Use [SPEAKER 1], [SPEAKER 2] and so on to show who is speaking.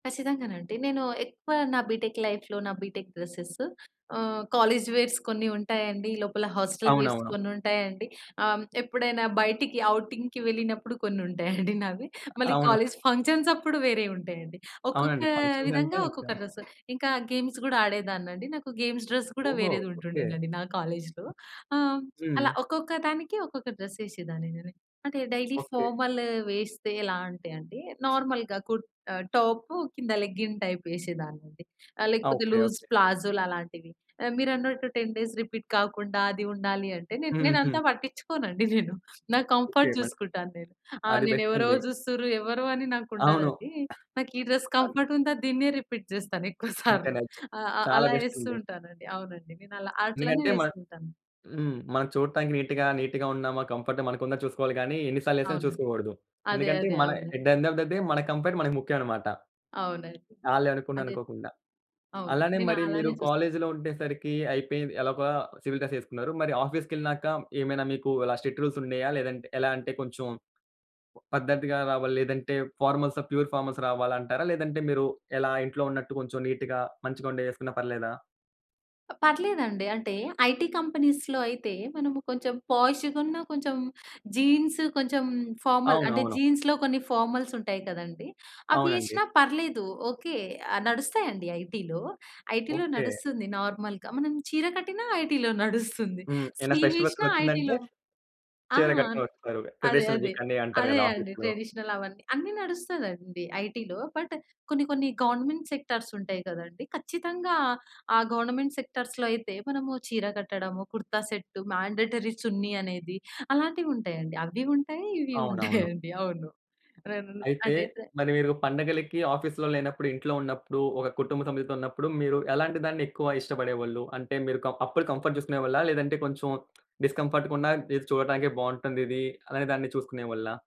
[SPEAKER 1] ఖచ్చితంగానండి! నేను ఎక్కువ నా బీటెక్ లైఫులో, నా BTech dresses ah, college wears కొన్ని ఉంటాయండి. లోపల హాస్టల్ వేర్స్
[SPEAKER 2] అవునవును.
[SPEAKER 1] కొన్నుంటాయండి. ఆహ్, హ్మ్, ఎప్పుడైనా బయటకి ఔటింగ్‌కి వెళ్ళినప్పుడు కొన్నుంటాయండి నావి. మళ్ళీ
[SPEAKER 2] అవును.
[SPEAKER 1] కాలేజీ ఫంక్షన్సప్పుడు వేరే వుంటాయండి. ఒక్కొక్క
[SPEAKER 2] అవునండి. ఫంక్షన్స్ అంటే
[SPEAKER 1] విధంగా
[SPEAKER 2] ఇకా
[SPEAKER 1] ఒక్కొక్క డ్రెసు. ఇంకా గేమ్స్ కూడా ఆడేదాన్నండి. నాకు గేమ్స్ డ్రెస్ గూడా
[SPEAKER 2] ఓహో!
[SPEAKER 1] వేరేది
[SPEAKER 2] ఓకే.
[SPEAKER 1] ఉంటుండేనండి నా కాలేజీలో. ఆ!
[SPEAKER 2] హ్మ్.
[SPEAKER 1] అలా ఒక్కొక్క దానికి, ఒక్కొక్క డ్రెస్ ఏసేదాన్నినేను. అంటే, డైలీ
[SPEAKER 2] ఓకే.
[SPEAKER 1] ఫార్మల్ వేస్తే ఎలా అంటే అండి, నార్మల్‌గా కుర్ ఆహ్, టాపు కింద లెగ్గింగ్ టైప్ ఏసేదాన్నండి.
[SPEAKER 2] ఆ!
[SPEAKER 1] లేకపోతే
[SPEAKER 2] ఓకే,
[SPEAKER 1] లూజ్
[SPEAKER 2] ఓకే.
[SPEAKER 1] ప్లాజోలు అలాంటివి. మీరన్నట్టు 10 డేస్ రిపీట్ కాకుండా, అది ఉండాలి అంటే, నేన్ నేనంతా
[SPEAKER 2] హుహు.
[SPEAKER 1] పట్టించుకోనండి నేను. నా
[SPEAKER 2] ఓకే.
[SPEAKER 1] కంఫర్ట్
[SPEAKER 2] మల్
[SPEAKER 1] జూసుకుంటాను నేను. ఆ
[SPEAKER 2] అది
[SPEAKER 1] నేనెవరో
[SPEAKER 2] బెస్టండి.
[SPEAKER 1] జూస్తుండ్రు, ఎవరో అని
[SPEAKER 2] అవును.
[SPEAKER 1] నాకుండదండి. నాకు ఈ డ్రెస్
[SPEAKER 2] అన్ని
[SPEAKER 1] కంఫర్ట్ ఉందా దీన్నే రిపీట్ జేస్తాను
[SPEAKER 2] అంతే.
[SPEAKER 1] ఎక్కువసార్లు.
[SPEAKER 2] నెజ్
[SPEAKER 1] ఆహ్, ఆహ్,
[SPEAKER 2] చాలా
[SPEAKER 1] అలా ఏస్తూ
[SPEAKER 2] బెస్టండి.
[SPEAKER 1] ఉంటానండి. అవునండి, నేనలా అట్లనే
[SPEAKER 2] ఎందుకంటే మనం
[SPEAKER 1] వేసుకుంటాను.
[SPEAKER 2] హ్మ్. మనం చూడటానికి నీట్‌గా, నీట్‌గా ఉన్నామా, కంఫర్ట్‌గా మనకుందని చూసుకోవాలి గాని, ఎన్నిసార్లు ఏసానని
[SPEAKER 1] అవునండి.
[SPEAKER 2] చూసుకోకూడదు.
[SPEAKER 1] అదే.
[SPEAKER 2] ఎందుకంటే,
[SPEAKER 1] అదే.
[SPEAKER 2] మన అట్
[SPEAKER 1] అవునండి.
[SPEAKER 2] The end of the day మన కంఫర్ట్ మనకి ముఖ్యమన్నమాట.
[SPEAKER 1] అవునండి.
[SPEAKER 2] ఆళ్ళే అనుకున్న
[SPEAKER 1] అదే.
[SPEAKER 2] అనుకోకుండా.
[SPEAKER 1] అవును.
[SPEAKER 2] అలానే
[SPEAKER 1] నేను
[SPEAKER 2] మరి మీరు
[SPEAKER 1] ఆలానే చూస్తా.
[SPEAKER 2] కాలేజీలో ఉండేసరికి అయిపోయింది, ఎలాగొల సివిల్ డ్రెస్ ఏసుకున్నారు, మరి ఆఫీస్‌కెళ్ళినాక, ఏమైనా మీకు ఇలా స్ట్రిక్ట్ రూల్స్ ఉన్నాయా? లేదంటే, ఎలా అంటే కొంచెం పద్ధతిగా రావాలి లేదంటే ఫార్మల్సా, ప్యూర్ ఫార్మల్స్ రావాలంటారా? లేదంటే మీరు ఎలా ఇంట్లో ఉన్నట్టు కొంచెం నీట్‌గా మంచిగా ఉండేయేసుకున్నా పర్లేదా?
[SPEAKER 1] పర్లేదండి, అంటే ఐటీ కంపెనీసులో అయితే, మనము కొంచెం పోషుగునా, కొంచెం జీన్సు, కొంచెం ఫార్మల్, అంటే
[SPEAKER 2] అవునవును.
[SPEAKER 1] జీన్స్‌లో కొన్ని ఫార్మల్స్ ఉంటాయి కదండీ! అవి
[SPEAKER 2] అవునండి.
[SPEAKER 1] ఏసినా పర్లేదు, ఓకే. ఆహ్, నడుస్తాయండి ఐటీలో. ఐటీలో
[SPEAKER 2] ఓకే.
[SPEAKER 1] నడుస్తుంది నార్మల్‌గా. మనం చీర కట్టినా ఐటీలో నడుస్తుంది.
[SPEAKER 2] హ్మ్. ఏమైనా ఫెస్టివల్స్
[SPEAKER 1] స్లీవేసినా
[SPEAKER 2] వచ్చిందంటే,
[SPEAKER 1] ఐటీలో ఆ!
[SPEAKER 2] చీర కట్టుకొనస్తారు.
[SPEAKER 1] అదే.
[SPEAKER 2] ట్రెడిషనల్
[SPEAKER 1] అదే.
[SPEAKER 2] వీకని అంటారు
[SPEAKER 1] అదే
[SPEAKER 2] గదా
[SPEAKER 1] అండి.
[SPEAKER 2] ఆఫీసులో.
[SPEAKER 1] ట్రెడిషనల్ అవన్నీ, అన్ని నడుస్తదండి ఐటీలో. బట్ కొన్ని, కొన్ని గవర్నమెంట్ సెక్టార్స్ ఉంటాయి కదండీ! ఖచ్చితంగా ఆ గవర్నమెంట్ సెక్టార్సులో అయితే మనము చీర కట్టడము, కుర్తా సెట్, మాండేటరీ చున్ని అనేది అలాంటివుంటాయండి. అవ్వి ఉంటాయి. ఇవ్వి
[SPEAKER 2] అవునవును.
[SPEAKER 1] ఉంటాయండి. అవును. రెండు
[SPEAKER 2] అయితే,
[SPEAKER 1] అదైతే
[SPEAKER 2] మరి మీరు పండగలకి ఆఫీసులో లేనప్పుడు, ఇంట్లో ఉన్నప్పుడు ఒక కుటుంబ సభ్యులతో ఉన్నప్పుడు, మీరు ఎలాంటి దాన్ని ఎక్కువ ఇష్టపడేవాళ్ళు. అంటే, మీరు క అప్పుడు కంఫర్ట్ చూసుకునేవాళ్ళా? లేదంటే కొంచెం డిస్కంఫర్ట్‌‌గా ఉన్న, ఇది చూడటానికి బావుంటుందిది అనేదాన్ని చూసుకునేవాళ్ళా?